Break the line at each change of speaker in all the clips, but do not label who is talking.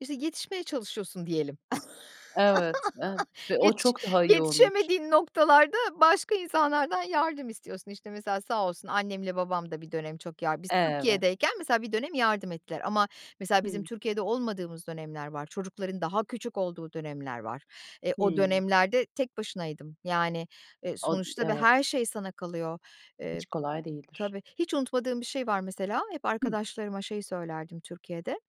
İşte, yetişmeye çalışıyorsun diyelim.
Evet, evet ve o
Yetiş
çok daha iyi olmuş.
yetişemediğin noktalarda başka insanlardan yardım istiyorsun. İşte, mesela sağ olsun annemle babam da bir dönem çok yardım Biz
Evet.
Türkiye'deyken mesela bir dönem yardım ettiler ama mesela bizim
Hımm.
Türkiye'de olmadığımız dönemler var, çocukların daha küçük olduğu dönemler var. E, o
Hımm.
dönemlerde tek başınaydım. Yani, e,
O, i
sonuçta ve her
evet.
şey sana kalıyor, eee
Hiç kolay değildir.
Tabii. Hiç unutmadığım bir şey var mesela, hep
Hı.
arkadaşlarıma şeyi söylerdim Türkiye'de.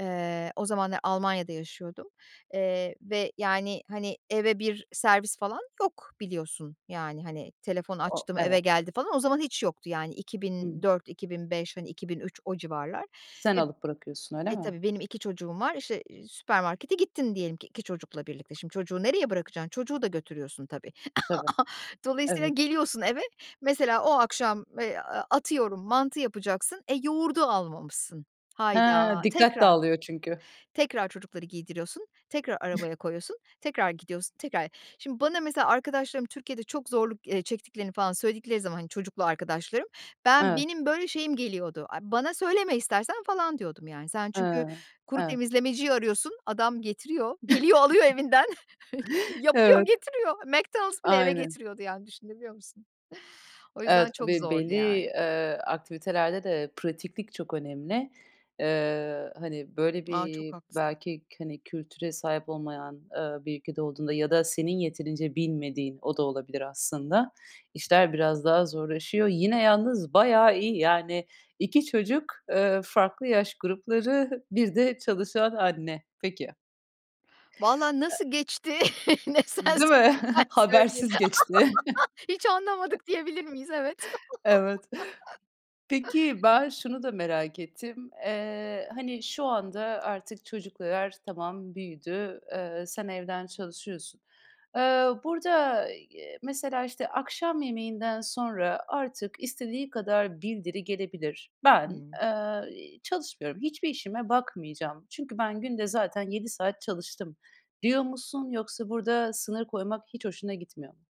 Eee, o zamanlar Almanya'da yaşıyordum, eee, ve yani, hani, eve bir servis falan yok, biliyorsun, yani, hani, "Telefon
O
açtım, eve
Evet.
geldi." falan, o zaman hiç yoktu yani, iki bin
Hımm.
dört iki bin beş, hani, 2003 o civarlar
Sen
ve
alıp bırakıyorsun, öyle
E,
mi?
tabii, benim 2 çocuğum var, işte, eee, süpermarkete gittin diyelim ki 2 çocukla birlikte. Şimdi, çocuğu nereye bırakacaksın? Çocuğu da götürüyorsun, tabii.
Tabii,
Dolayısıyla
evet.
geliyorsun eve, mesela o akşam, eee, aaa, atıyorum mantı yapacaksın. E, yoğurdu almamışsın.
Ha!
Hayda,
Dikkat
tekrar!
dağılıyor çünkü.
Tekrar çocukları giydiriyorsun, tekrar arabaya koyuyorsun, tekrar gidiyorsun, tekrar Şimdi bana mesela arkadaşlarım Türkiye'de çok zorluk, eee, çektiklerini falan söyledikleri zaman, hani, çocuklu arkadaşlarım, ben
Evet.
benim, böyle, şeyim geliyordu: "Ay, bana söyleme istersen." falan diyordum, yani. Sen
He,
çünkü kuru
evet.
temizlemeciyi arıyorsun, adam getiriyor; geliyor, alıyor evinden, yapıyor,
Evet.
getiriyor. McDonald's bile eve
Aynen.
getiriyordu yani, düşünebiliyor musun? O
Evet,
yüzden çok
tabii,
zordu
belli,
yani.
eee, aktivitelerde de pratiklik çok önemli. Eee, hani, böyle,
A! Çok
bir
haklısın.
belki k hani, kültüre sahip olmayan, aaa, bir ülke olduğunda ya da senin yeterince bilmediğin, o da olabilir aslında, işler biraz daha zorlaşıyor. Yine yalnız bayağı iyi. Yani 2 çocuk, eee, farklı yaş grupları, bir de çalışan anne. Peki.
Valla
E
nasıl geçti? Ne sen
Değil
so
mi?
ben söyleyeyim.
Habersiz geçti.
Hiç anlamadık diyebilir miyiz? Evet.
Evet. Peki ben şunu da merak ettim: Eee, hani, şu anda artık çocuklar tamam, büyüdü. Eee, sen evden çalışıyorsun. Iıı, burada, eee, y mesela, işte, akşam yemeğinden sonra, "Artık istediği kadar bildiri gelebilir. Ben,
Hımm.
eee, iii, çalışmıyorum, hiçbir işime bakmayacağım çünkü ben günde zaten 7 saat çalıştım." diyor musun? Yoksa burada sınır koymak hiç hoşuna gitmiyor mu?